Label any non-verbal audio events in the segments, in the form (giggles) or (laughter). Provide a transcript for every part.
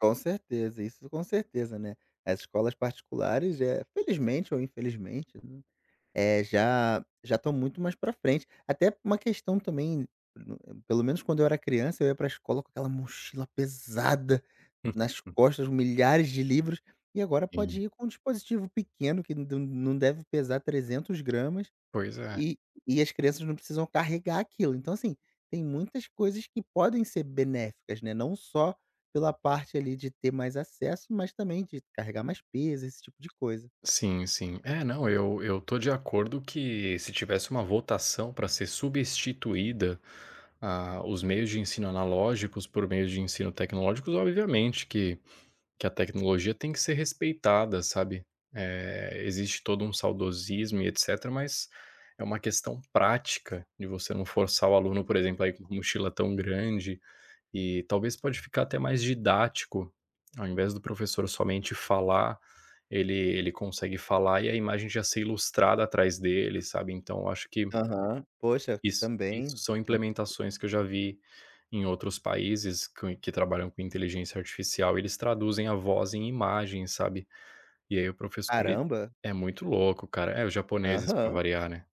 Com certeza, isso com certeza, né. As escolas particulares é, felizmente ou infelizmente num eh, já já estão muito mais pra frente. Até uma questão também n no pelo menos quando eu era criança, ia pra escola com aquela mochila pesada nas Uhum. costas, milhares de livros, e agora Sim. pode ir com um dispositivo pequeno que não de não deve pesar 300 gramas, Pois é. e e as crianças não precisam carregar aquilo, então assim, tem muitas coisas que podem ser benéficas né, não só pela parte ali de ter mais acesso, mas também de carregar mais peso, esse tipo de coisa. Sim sim. É não, eu eu estou de acordo que se tivesse uma votação pra ser substituída, ah, os meios de ensino analógicos por meios de ensino tecnológicos obviamente que que a tecnologia tem que ser respeitada, sabe, eh, existe todo um saudosismo e etcetera, mas é uma questão prática de você não forçar o aluno, por exemplo, a ir com mochila tão grande, e talvez pode ficar até mais didático, ao invés do professor somente falar, ele ele consegue falar e a imagem já ser ilustrada atrás dele, sabe. Então eu acho que Aham. Poxa, isso, isso também são muito implementações que eu já vi em outros países com, que trabalham com inteligência artificial, eles traduzem a voz em imagem, sabe? E aí o professor ele Caramba. é muito louco, cara é os japoneses pra Aham. variar, né.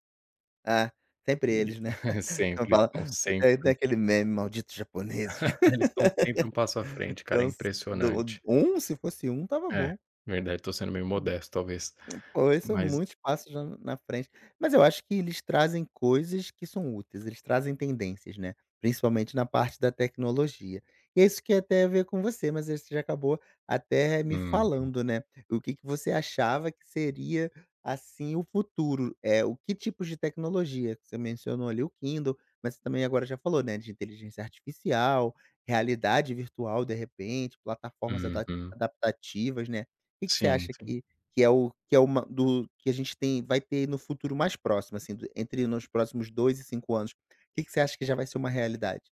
Ah, sempre eles, né. E (giggles) Aquela sempre, eles para estão não sempre tem aquele meme: malditos japoneses! (giggles) Eles estão sempre um passo à (laughs) frente, cara, é Então se do impressionante. um, se fosse um estava É, bom. verdade estou sendo meio Uhum. modesto talvez, Poxa, isso é mas muitos passos já na na frente. Mas eu acho que eles trazem coisas que são úteis, eles trazem tendências, né. Principalmente na parte da tecnologia. E é isso que ia até a ver com você, mas aí você já acabou até me Uhum. falando, né. O que que você achava que seria assim o futuro, eh, o que tipos de tecnologia. Você mencionou ali o Kindle, mas você também agora já falou, né, de inteligência artificial, realidade virtual de repente, plataformas adap Uhum. adaptativas, né. O que que você Sim, acha sim. que que é o que é uma do que a gente tem, vai ter no futuro mais próximo assim, do entre nos próximos 2 e 5 anos? Que que você acha que já vai ser uma realidade?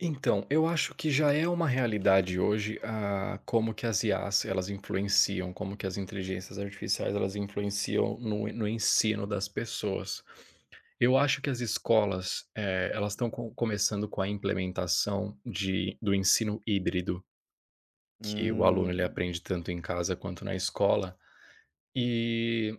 Então, eu acho que já é uma realidade hoje, ah, como que as IAs, elas influenciam, como que as inteligências artificiais elas influenciam no no ensino das pessoas. Eu acho que as escolas, eh, elas estão co começando com a implementação de do ensino híbrido que o aluno ele Hum. aprende tanto em casa quanto na escola, eh